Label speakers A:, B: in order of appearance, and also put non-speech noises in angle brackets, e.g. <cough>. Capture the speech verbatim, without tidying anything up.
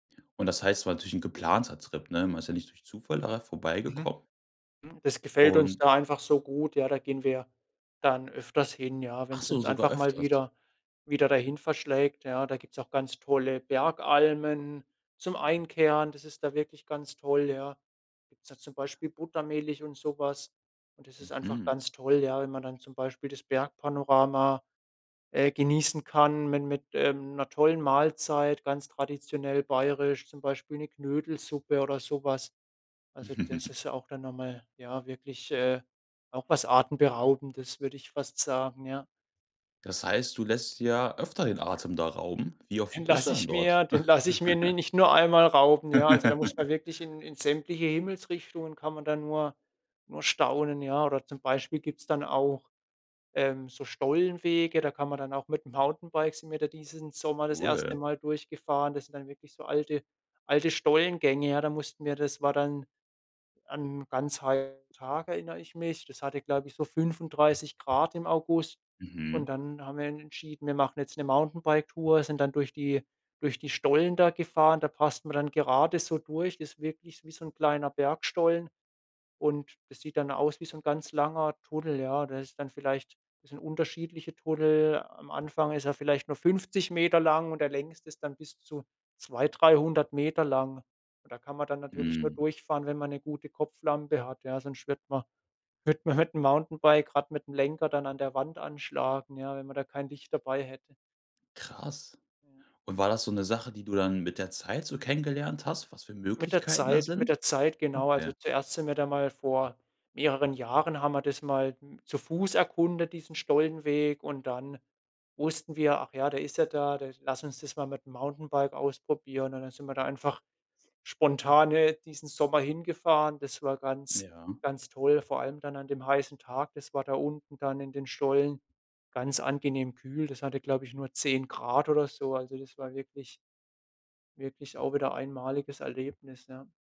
A: Und das heißt, es war natürlich 'n geplanter Trip, ne? Man ist ja nicht durch Zufall daran
B: Mhm.
A: vorbeigekommen.
B: Das gefällt uns
A: Und
B: da einfach so gut, ja, da gehen wir dann öfters hin, ja, wenn
A: Ach
B: es
A: so,
B: uns
A: sogar
B: einfach mal
A: öfters?
B: wieder wieder dahin verschlägt, ja? Da gibt's auch ganz tolle Bergalmen zum Einkehren. Das ist da wirklich ganz toll, ja. Gibt's da zum Beispiel Buttermilch und so was. Und das ist einfach
A: Mhm.
B: ganz toll, ja, wenn man dann zum Beispiel das Bergpanorama, äh, genießen kann min mit, ähm, 'ner tollen Mahlzeit, ganz traditionell bayerisch, zum Beispiel 'ne Knödelsuppe oder sowas. Also, das
A: <chuckles>
B: ist ja auch dann noch mal, ja, wirklich, äh, auch was Atemberaubendes, würde ich fast sagen. Ja.
A: Das heißt, du lässt dir öfter den Atem da rauben? Wie oft
B: Den
A: bist du
B: lasse
A: dann
B: ich
A: dort?
B: mir den lasse ich mir ni
A: <giggles>
B: nicht nur einmal rauben. Ja, also, da muss man
A: <laughs>
B: wirklich in in sämtliche Himmelsrichtungen kann man dann nur nur staunen, ja. Oder zum Beispiel gibt es dann auch ähm, so Stollenwege, da kann man dann auch mit dem Mountainbike sind wir da diesen Sommer das erste
A: Cool.
B: Mal durchgefahren. Das sind dann wirklich so alte alte Stollengänge, ja? Da mussten wir das war dann an ganz heiße Tage erinnere ich mich. Das hatte, glaube ich, so fünfunddreißig Grad im August. Und
A: Mhm.
B: dann haben wir en entschieden, wir machen jetzt 'ne Mountainbike-Tour, sind dann durch die durch die Stollen da gefahren. Da passt man dann gerade so durch. Das ist wirklich wie so 'n kleiner Bergstollen. Und das sieht dann aus wie so 'n ganz langer Tunnel, ja? Da ist dann vielleicht das sind unterschiedliche Tunnel. Am Anfang ist er vielleicht nur fünfzig Meter lang und der längste ist dann bis zu zwei, dreihundert Meter lang. Und da kann man dann natürlich nur
A: Mhm.
B: durchfahren, wenn man 'ne gute Kopflampe hat, ja? Sonst wird man wird man mit dem Mountainbike grad mit dem Lenker dann an der Wand anschlagen, ja, wenn man da kein Licht dabei hätte.
A: Krass.
B: Ja.
A: Und war das so 'ne Sache, die du dann mit der Zeit so kennengelernt hast, was für
B: Mit der
A: Möglichkeiten da
B: Zeit mit
A: sind?
B: der Zeit, genau. Also
A: Okay.
B: zuerst sind wir da mal vor mehreren Jahren haben wir das mal m zu Fuß erkundet, diesen Stollenweg und dann wussten wir: „Ach ja, der ist ja da da lass uns das mal mit dem Mountainbike ausprobieren.“ Und dann sind wir da einfach spontan, äh, diesen Sommer hingefahren. Das war ganz
A: Ja.
B: ganz toll, vor allem dann an dem heißen Tag. Das war da unten dann in den Stollen ganz angenehm kühl. Das hatte, glaube ich, nur zehn Grad oder so. Also das war wirklich wirklich auch wieder einmaliges Erlebnis, ne?